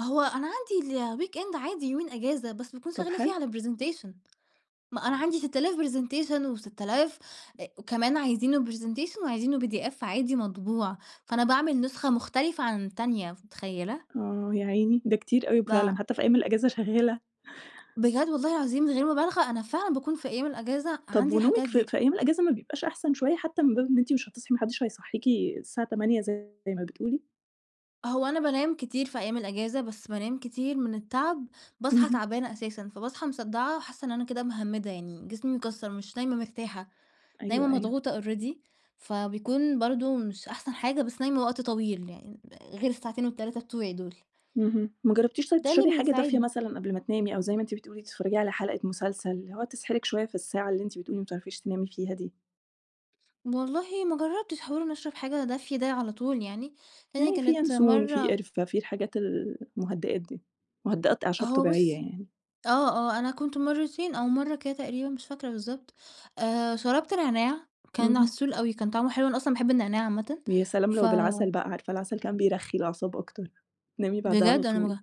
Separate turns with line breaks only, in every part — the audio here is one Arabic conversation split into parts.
هو أنا عندي الweekend عادي يومين إجازة، بس باكون
طَب
شغّالة فيه
حلو.
على presentation. ما أنا عندي ست آلاف presentation وست آلاف أ وكمان عايزينه presentation وعايزينه PDF عادي مطبوع، فأنا باعمل نسخة مختلفة عن التانية ف متخيّلة؟
آه، يا عيني، ده كتير أوي فعلًا،
با
حتّى في أيام الإجازة شغّالة.
بجد والله العظيم من غير مُبالغة، أنا فعلًا باكون في أيام الإجازة
طَب
عندي
ونومِك
الحاجات
في
دي.
في أيام الأجازة ما بيبقاش أحسن شوية حتّى من باب إن أنتِ مش هتصحي ما حدّش هيصحّيكِ الساعة 08:00 زي ما بتقولي؟
هو أنا بانام كتير في أيام الإجازة، بس بانام كتير من التعب باصحى
اهم.
تعبانة أساسًا، فباصحى مصدَّعة وحاسّة إن أنا كده مِهَمِّدة يعني جسمي مكسَّر مش نايمة مرتاحة، نايمة
أيوه، أيوه.
مضغوطة already، فبيكون برضه مش أحسن حاجة، بس نايمة وقت طويل يعني آآغير الساعتين وال3 بتوعي دُول.
اهم. ما جرّبتيش طيب
ده اللي
تشربي حاجة دافية
بيساعدني.
مثلًا قبل ما تنامي أو زي ما أنتِ بتقولي تتفّرجي على حَلقة مسلسل، اللي هو تصحي لِك شوية في الساعة اللي أنتِ بتقولي مبتعرفيش تنامي فيها دي؟
والله ما جرّبتش حِوار إن أشرب حاجة دافية ده على طول يعني، هي
يعني فيه
كانت
ينسون، في
مرّة
قِرفة، في الحاجات ال المُهدِّئات دي، مُهدِّئات أعشاب
هو
طبيعية
بُصّي
يعني.
آه، آه. أنا كنت مرّتين أو مرّة كده تقريبًا مش فاكرة بالضبط، آآ شربت نعناع كان
اهم.
عسول أوي، كان طعمه حلو، أنا أصلًا باحب النعناع عامةً.
ويا سلام
ف
لو بالعَسَل بقى، عارفة العَسَل كمان بيرخّي الأعصاب أكتر، تنامي بعدها على
بجد؟ أنا ما
طول.
ج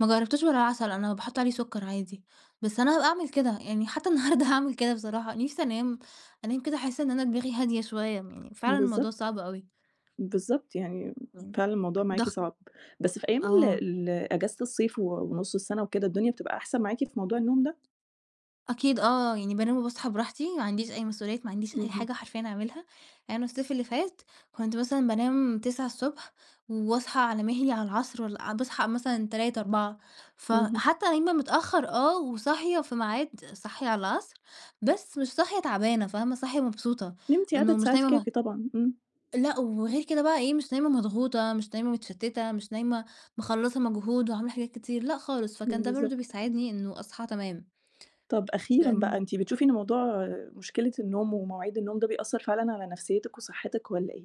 ما جرّبتوش بالعَسَل أنا باحُط عليه سُكّر عادي، بس أنا هابقى أعمل كده. يعني حتّى النهارده هاعمل كده بصراحة. نِفْسي أنام أنام كده أحِس إن أنا دماغي هادية شوية، يعني فعلًا الموضوع
بالضبط.
صعب أوي.
بالضبط، يعني
امم.
فعلًا الموضوع معاكِ
ضَغ
صعب. بس في أيام ال
آه.
ال إجازة الصيف و ونُص السَنة وكده، الدنيا بتبقى أحسن معاكِ في موضوع النوم ده؟
أكيد آه، يعني بانام وباصحى براحتي، ما عنديش أي مسؤوليات، ما عنديش أي
اهم.
حاجة حرفيًا أعملها. يعني الصيف اللي فات كنت مثلًا بانام 09:00 ض واصحى على مِهلي على العصر والَّا باصحى مثلًا 15:00، 16:00.
اهم.
فحتّى نايمة متأخَّر آه، وصاحية في ميعاد صاحية على العصر، بس مش صاحية تعبانة، فاهمة؟ صاحية مبسوطة،
نمتِ عدد
إنه مش
ساعات
نايمة
كافي
م
طبعًا، إمم.
لأ، وغير كده بقى إيه، مش نايمة مضغوطة، مش نايمة متشتِّتة، مش نايمة مخلّصة مجهود وعاملة حاجات كتير، لأ خالص. فكان ده برضه
بالضبط.
بيساعدني إنه أصحى تمام.
طَب أخيرًا بقى،
لإن
أنتِ بتشوفي إن موضوع مشكلة النوم ومواعيد النوم ده بيأثّر فعلًا على نَفْسيّتِك وصحِّتِك والّا إيه؟